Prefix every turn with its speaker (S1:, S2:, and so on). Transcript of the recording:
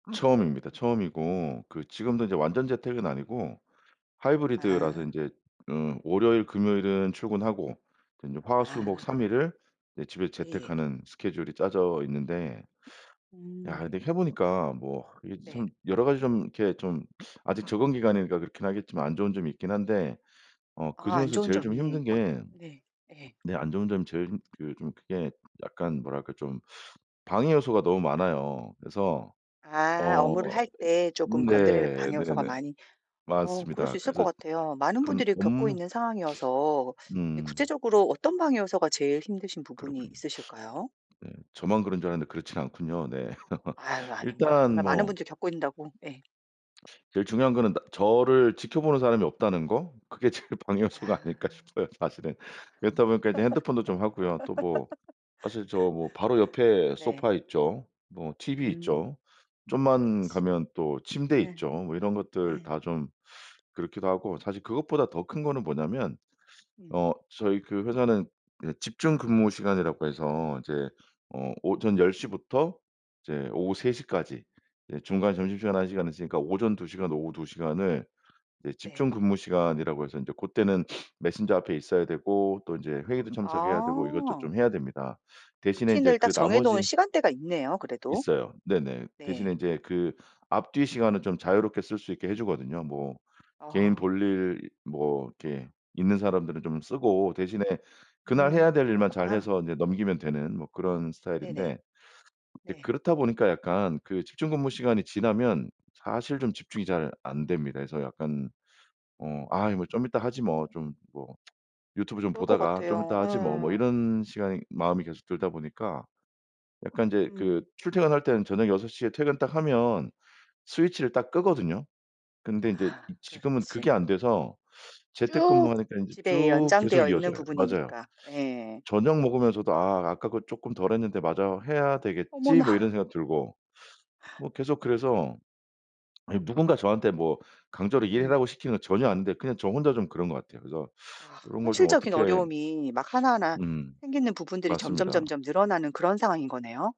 S1: 처음입니다. 처음이고 그 지금도 인제 완전 재택은 아니고 하이브리드라서
S2: 아.
S1: 인제 어 월요일, 금요일은 출근하고 이제 화, 수, 목 3
S2: 아
S1: 일을 네 집에서
S2: 예.
S1: 재택하는 스케줄이 짜져 있는데 야
S2: 음.
S1: 근데 해 보니까 뭐 이게
S2: 네.
S1: 참 여러 가지 좀 이렇게 좀 아직 적응 기간이니까 그렇긴 하겠지만 안 좋은 점이 있긴 한데 어
S2: 아, 안
S1: 그중에서
S2: 좋은
S1: 제일 좀
S2: 점이
S1: 힘든
S2: 어
S1: 게
S2: 네 예.
S1: 네 안 좋은 점이 제일 그 좀 그게 약간 뭐랄까. 좀 방해 요소가 너무 많아요. 그래서
S2: 아, 업무를
S1: 어
S2: 할 때
S1: 이
S2: 쪼끔 건드리는
S1: 네
S2: 방해 요소가
S1: 네네
S2: 많이 어 그럴
S1: 맞습니다.
S2: 수 있을 것
S1: 그래서
S2: 같아요. 많은
S1: 한
S2: 분들이 겪고
S1: 업무
S2: 있는 상황이어서 근데
S1: 음.
S2: 구체적으로 어떤 방해 요소가 제일 힘드신 부분이
S1: 그렇군요.
S2: 있으실까요?
S1: 네. 저만 그런 줄 알았는데 그렇진 않군요. 네.
S2: 아유 아닙니다.
S1: 일단
S2: 정말 많은
S1: 뭐
S2: 분들이 겪고 있는다고 예.
S1: 제일 중요한 거는 나 저를 지켜보는 사람이 없다는 거. 그게 제일 방해 요소가
S2: 아.
S1: 아닐까 싶어요 사실은. 그렇다 보니까 인제 핸드폰도 좀 하고요. 또 뭐 사실 저 뭐 바로 옆에
S2: 네.
S1: 소파 있죠. 뭐 티비
S2: 음.
S1: 있죠. 좀만
S2: 그렇지.
S1: 가면 또 침대
S2: 예.
S1: 있죠. 뭐 이런 것들
S2: 예.
S1: 다 좀 그렇기도 하고 사실 그것보다 더 큰 거는 뭐냐면
S2: 음.
S1: 어 저희 그 회사는 예 집중 근무시간이라고 해서 인제 어 오전 10 시부터 이제 오후 3 시까지 예 중간 점심시간 1 시간 있으니까 오전 2 시간, 오후 2 시간을 네
S2: 네.
S1: 집중근무시간이라고 해서 인제 고때는 메신저 앞에 있어야 되고 또 인제 회의도 참석해야 되고 이것도
S2: 아.
S1: 좀 해야 됩니다. 대신에 인제
S2: 루틴을 딱
S1: 그
S2: 정해 놓은
S1: 나머지
S2: 시간대가 있네요, 그래도.
S1: 있어요. 네네.
S2: 네.
S1: 대신에 인제 그 앞뒤 시간은 좀 자유롭게 쓸 수 있게 해 주거든요. 뭐 개인
S2: 아.
S1: 볼일 뭐 이렇게 있는 사람들은 좀 쓰고 대신에 그날
S2: 음
S1: 해야 될 일만
S2: 그렇구나.
S1: 잘해서 인제 넘기면 되는 뭐 그런
S2: 네네.
S1: 스타일인데 예
S2: 네.
S1: 그렇다 보니까 약간 그 집중근무시간이 지나면 사실 좀 집중이 잘 안 됩니다. 그래서 약간 어 아 이 뭐 '좀 있다 하지 뭐.' 좀 뭐 '유튜브 좀
S2: 그럴 것
S1: 보다가 좀
S2: 같아요.
S1: 있다 하지 뭐.' 뭐
S2: 예.
S1: 이런 시간이 마음이 계속 들다 보니까 약간 인제 그
S2: 음.
S1: 출퇴근할 때는 저녁 6 시에 퇴근 딱 하면 스위치를 딱 끄거든요. 근데 인제
S2: 아
S1: 이 지금은 그게
S2: 그렇지.
S1: 안 돼서
S2: 쭉
S1: 재택근무하니까 이제
S2: 집에
S1: 쭉 계속
S2: 연장되어 있는
S1: 이어져요. 맞아요.
S2: 부분이니까. 예.
S1: 저녁 먹으면서도 '아 아까 그거 쪼끔 덜 했는데 마저 해야 되겠지?' 뭐 이런
S2: 어머나.
S1: 생각 들고 뭐 계속 그래서 아니 누군가 저한테 뭐 강제로
S2: 음.
S1: 일하라고 시키는 건 전혀 아닌데 그냥 저 혼자 좀 그런 것 같아요. 그래서
S2: 아
S1: 요런 걸 좀
S2: 현실적인
S1: 어떻게
S2: 어려움이 막 하나하나
S1: 음.
S2: 생기는 부분들이
S1: 맞습니다.
S2: 점점점점 늘어나는 그런 상황인 거네요?